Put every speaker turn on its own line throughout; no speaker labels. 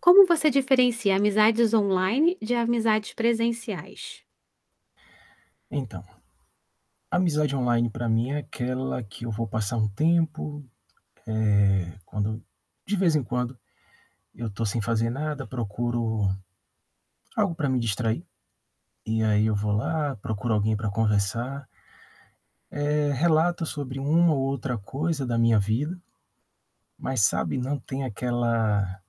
Como você diferencia amizades online de amizades presenciais?
Então, amizade online pra mim é aquela que eu vou passar um tempo, eh, quando de vez em quando, eu estou sem fazer nada, procuro algo para me distrair, e aí eu vou lá, procuro alguém para conversar eh, relato sobre um ou outra coisa da minha vida, mas sabe não tem aquela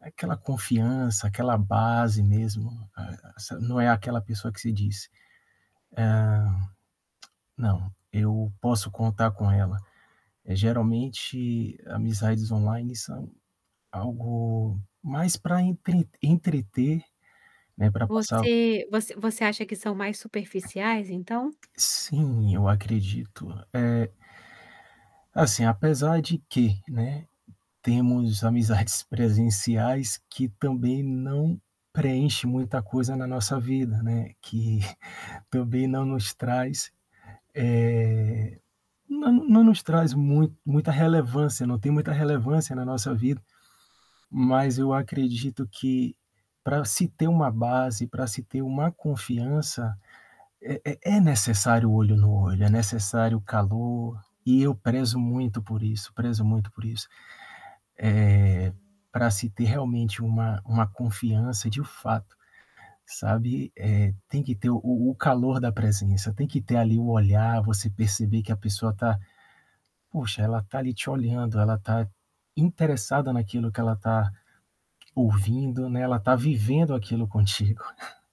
aquela confiança, aquela base mesmo, né, se não é aquela pessoa que se diz, hã, "Não, eu posso contar com ela". Eh, geralmente amizades online são algo mais pra entre entreter, né, pra passar o
Você você você acha que são mais superficiais, então?
Sim, acredito, eh Assim apesar de que, né, temos amizades presenciais que também não preenche muita coisa na nossa vida, né, que também não nos traz, eh, não não nos traz muito muita relevância, não tem muita relevância na nossa vida, mas eu acredito que pra se ter uma base, pra se ter uma confiança, é é é necessário olho no olho, é necessário calor, e eu prezo muito por isso, prezo muito por isso. Eh, pra se ter realmente uma uma confiança de fato, sabe, eh, tem que ter o o calor da presença, tem que ter ali o olhar, você perceber que a pessoa tá poxa ela tá ali te olhando, ela tá interessada naquilo que ela tá ouvindo, né, ela tá vivendo aquilo contigo.